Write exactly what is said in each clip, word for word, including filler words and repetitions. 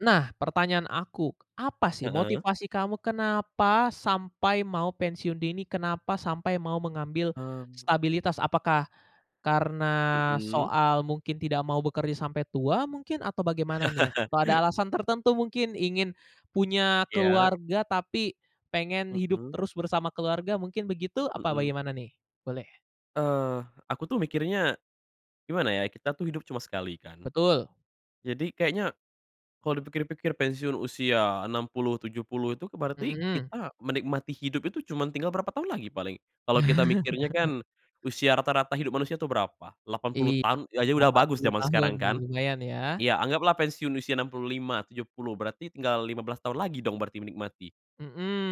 Nah pertanyaan aku, apa sih Heeh. motivasi kamu kenapa sampai mau pensiun dini, kenapa sampai mau mengambil Mmm. stabilitas, apakah karena Mhm. soal mungkin tidak mau bekerja sampai tua mungkin, atau bagaimana nih? Atau ada alasan tertentu mungkin ingin punya Iya. keluarga tapi pengen hidup Mhm. terus bersama keluarga, mungkin begitu apa Mhm. bagaimana nih? Boleh. Eee, aku tuh mikirnya gimana ya kita tuh hidup cuma sekali kan. Betul. Jadi kayaknya kalau dipikir-pikir pensiun usia enam puluh, tujuh puluh itu berarti Mhm. kita menikmati hidup itu cuma tinggal berapa tahun lagi paling. Kalau kita mikirnya kan usia rata-rata hidup manusia tuh berapa? delapan Iy puluh tahun ya itu udah delapan bagus puluh, jaman tahun sekarang kan. lumayan ya. Ya anggaplah pensiun usia enam puluh lima, tujuh puluh, berarti tinggal lima belas tahun lagi dong berarti menikmati?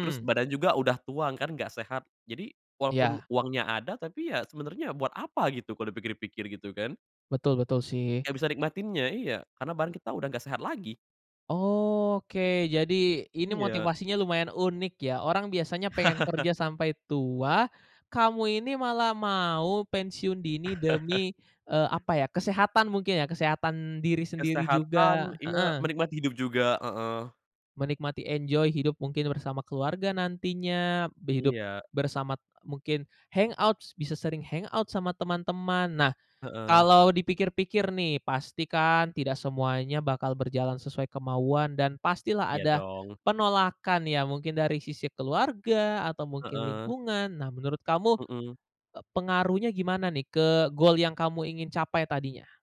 Terus badan juga udah tua kan, nggak sehat. Jadi walaupun Iya. uangnya ada tapi ya sebenernya buat apa gitu kalau dipikir-pikir, gitu kan? Betul betul sih. Nggak bisa nikmatinnya, iya karena badan kita udah nggak sehat lagi. Oke. Jadi ini Iya. motivasinya lumayan unik ya, orang biasanya pengen kerja sampai tua, kamu ini malah mau pensiun dini demi, eee, apa ya, kesehatan mungkin ya? Kesehatan diri sendiri Kesehatan, juga, iya, heeh. menikmati hidup juga, heeh. Menikmati enjoy, hidup mungkin bersama keluarga nantinya, b hidup Iya. bersamat mungkin hangout s bisa sering hangout sama teman-teman. Nah, Heeh. kalau dipikir-pikir nih pastikan tidak semuanya bakal berjalan sesuai kemauan dan pastilah Iya ada dong. penolakan ya mungkin dari sisi keluarga, atau mungkin Heeh. lingkungan. Nah menurut kamu, Mhm. eee, pengaruhnya gimana nih ke goal yang kamu ingin capai tadinya?